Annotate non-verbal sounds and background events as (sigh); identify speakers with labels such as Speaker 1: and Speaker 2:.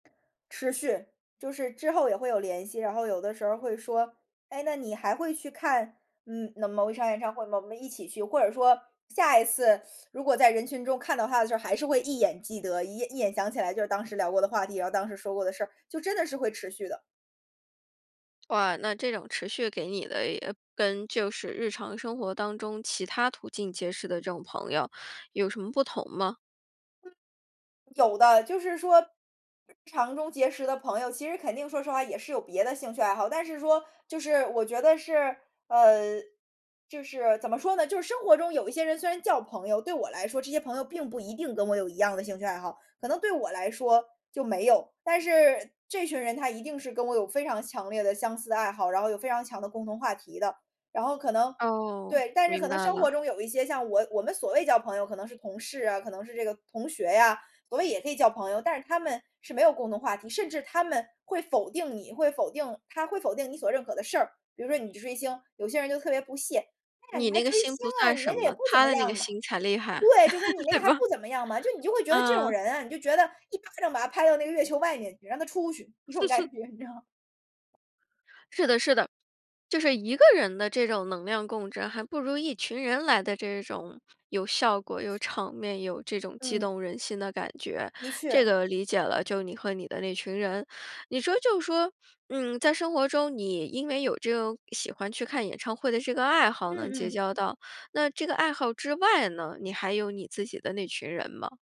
Speaker 1: 持续。就是之后也会有联系。然后有的时候会说：“哎，那你还会去看，嗯，某一场演唱会吗？我们一起去。”或者说，下一次，如果在人群中看到他的时候，还是会一眼记得一一眼想起来，就是当时聊过的话题，然后当时说过的事儿。就真的是会持续的。
Speaker 2: 哇，那这种持续给你的，也跟就是日常生活当中其他途径结识的这种朋友，有什么不同吗？
Speaker 1: 有的。就是说，日常中结识的朋友，其实肯定说实话，也是有别的兴趣爱好。但是说就是我觉得是，呃就是怎么说呢？就是生活中有一些人，虽然叫朋友，对我来说这些朋友，并不一定跟我有一样的兴趣爱好。可能对我来说，就没有。但是这群人，他一定是跟我有非常强烈的、相似的爱好，然后有非常强的共同话题的。然后可能
Speaker 2: 哦，
Speaker 1: 对，但是
Speaker 2: 明
Speaker 1: 可能
Speaker 2: 白
Speaker 1: 生
Speaker 2: 了。
Speaker 1: 活中有一些，像我我们所谓交朋友，可能是同事啊，可能是这个同学啊。所谓也可以交朋友，但是他们是没有共同话题，甚至他们会否定你会否定他会否定你所认可的事儿。比如说，你去追星，有些人就特别不屑："哎呀，
Speaker 2: 你
Speaker 1: 你还
Speaker 2: 那个
Speaker 1: 追
Speaker 2: 星
Speaker 1: 星，
Speaker 2: 不
Speaker 1: 啊，
Speaker 2: 算
Speaker 1: 你那
Speaker 2: 什
Speaker 1: 个也
Speaker 2: 么，
Speaker 1: 不怎
Speaker 2: 他
Speaker 1: 么
Speaker 2: 的那个
Speaker 1: 样嘛。
Speaker 2: 星才厉害，
Speaker 1: “对，就说你
Speaker 2: (laughs)
Speaker 1: 那
Speaker 2: 对
Speaker 1: 个还
Speaker 2: 吧？
Speaker 1: 不怎么样嘛。就你就会觉得这种
Speaker 2: 嗯。
Speaker 1: 人啊你就觉得，一巴掌把他拍到那个月球外面去让他出去。这种感
Speaker 2: (chuckles)
Speaker 1: 觉，你知道。
Speaker 2: 是的是的。就是一个人的这种能量共振，还不如一群人来的这种有效果、有场面、有这种激
Speaker 1: 嗯。
Speaker 2: 动人心的感觉。
Speaker 1: 的
Speaker 2: 这
Speaker 1: 确。
Speaker 2: 个理解了。就你和你的那群人，你说就说，嗯，在生活中，你因为有这个喜欢去看演唱会的这个爱好，
Speaker 1: 嗯
Speaker 2: 能结
Speaker 1: 嗯。
Speaker 2: 交到。那这个爱好之外呢，你还有你自己的那群人吗？